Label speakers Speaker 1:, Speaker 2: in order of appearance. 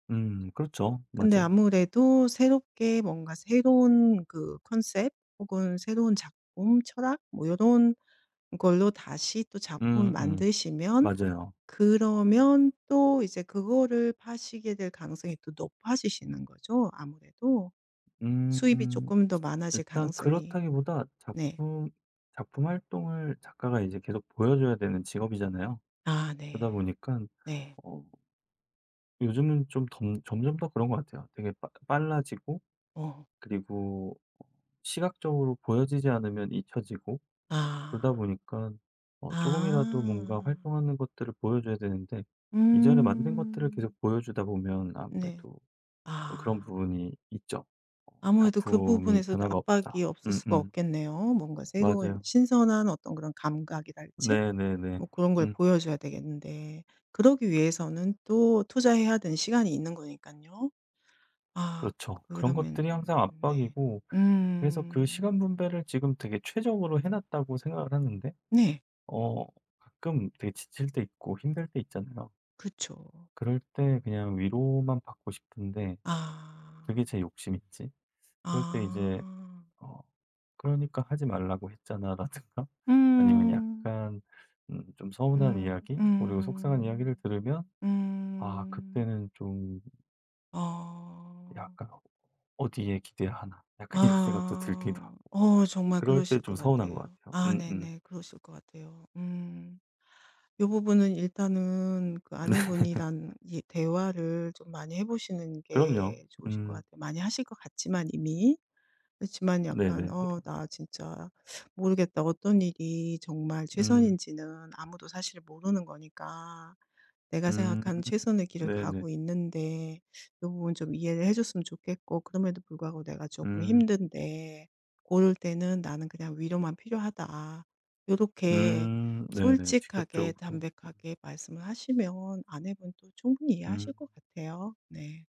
Speaker 1: 음. 그렇죠.
Speaker 2: 근데
Speaker 1: 맞아요.
Speaker 2: 아무래도 새롭게 뭔가 새로운 그 컨셉 혹은 새로운 작품, 철학, 뭐 요런 걸로 다시 또 작품을
Speaker 1: 음음.
Speaker 2: 만드시면
Speaker 1: 맞아요.
Speaker 2: 그러면 또 이제 그거를 파시게 될 가능성이 또 높아지시는 거죠 아무래도. 수입이
Speaker 1: 음.
Speaker 2: 쪼끔 더 많아질
Speaker 1: 일단
Speaker 2: 가능성이
Speaker 1: 그렇다기보다
Speaker 2: 네.
Speaker 1: 작품 작품 활동을 작가가 이제 계속 보여 줘야 되는 직업이잖아요.
Speaker 2: 아
Speaker 1: 그러다
Speaker 2: 네.
Speaker 1: 보니깐
Speaker 2: 네.
Speaker 1: 어 요즘은 좀 덤 점점 더 그런 것 같아요. 되게 빠 빨라지고
Speaker 2: 어.
Speaker 1: 그리고 시각적으로 보여지지 않으면 잊혀지고 그러다
Speaker 2: 아.
Speaker 1: 보니까 어 쪼금이라도 뭔가
Speaker 2: 아.
Speaker 1: 활동하는 것들을 보여 줘야 되는데 이전에 만든 것들을 계속
Speaker 2: 음.
Speaker 1: 보여 주다 보면
Speaker 2: 네.
Speaker 1: 아무래도 그런
Speaker 2: 아.
Speaker 1: 부분이 있죠.
Speaker 2: 아무래도 그
Speaker 1: '작품이
Speaker 2: 부분에서도
Speaker 1: 변화가 없다.'
Speaker 2: 압박이 없을 수가
Speaker 1: 음음.
Speaker 2: 없겠네요. 뭔가 새로운
Speaker 1: 맞아요.
Speaker 2: 신선한 어떤 그런 감각이랄지?
Speaker 1: 네네네.
Speaker 2: 뭐 그런 걸
Speaker 1: 음.
Speaker 2: 보여 줘야 되겠는데 그러기 위해서는 또 투자해야 되는 시간이 있는 거니깐요. 아,
Speaker 1: 그렇죠. 그런 것들이
Speaker 2: 그러면
Speaker 1: 항상
Speaker 2: 네.
Speaker 1: 압박이고 그래서 그
Speaker 2: 음.
Speaker 1: 시간 분배를 지금 되게 최적으로 해 놨다고 생각을 하는데
Speaker 2: 네.
Speaker 1: 어 가끔 되게 지칠 때 있고 힘들 때 있잖아요.
Speaker 2: 그쵸.
Speaker 1: 그럴 때 그냥 위로만 받고 싶은데 그게
Speaker 2: 아.
Speaker 1: 제 욕심인지, 그럴 때 이제
Speaker 2: 아.
Speaker 1: 어 "그러니까 하지 말라고 했잖아."라든가 아니면
Speaker 2: 음.
Speaker 1: 약간 음 좀 서운한
Speaker 2: 음
Speaker 1: 이야기, 그리고 속상한 이야기를
Speaker 2: 음.
Speaker 1: 들으면 아
Speaker 2: 음.
Speaker 1: 그때는 좀
Speaker 2: 아.
Speaker 1: 약간 '어디에 기대야 하나?' 약간 이런 생각도 들기도 하고
Speaker 2: 아. 어 정말
Speaker 1: 그럴 때
Speaker 2: 그러실 것
Speaker 1: 좀 서운한 것
Speaker 2: 같아요.
Speaker 1: 같아요.
Speaker 2: 아
Speaker 1: 음음.
Speaker 2: 네네 그러실 것 같아요. 음. 요 부분은 일단은 그
Speaker 1: 네.
Speaker 2: 아내분이랑 이 대화를 좀 많이 해 보시는
Speaker 1: 그럼요.
Speaker 2: 게 좋으실 것
Speaker 1: 음.
Speaker 2: 같아요, 많이 하실 것 같지만 이미. 그렇지만 약간
Speaker 1: 네네네.
Speaker 2: "어 나 진짜 모르겠다." 어떤 일이 정말
Speaker 1: 음.
Speaker 2: 최선인지는 아무도 사실 모르는 거니까. "내가
Speaker 1: 음.
Speaker 2: 생각한 최선의 길을
Speaker 1: 네네.
Speaker 2: 가고 있는데 요 부분 좀 이해를 해 줬으면 좋겠고, 그럼에도 불구하고 내가 조금
Speaker 1: 음.
Speaker 2: 힘든데 고럴 때는 나는 그냥 위로만 필요하다." 요렇게
Speaker 1: 음 네네.
Speaker 2: 솔직하게
Speaker 1: 직접적으로. 음.
Speaker 2: 담백하게 말씀을 하시면 아내분도 충분히 이해하실
Speaker 1: 음.
Speaker 2: 것 같아요. 네.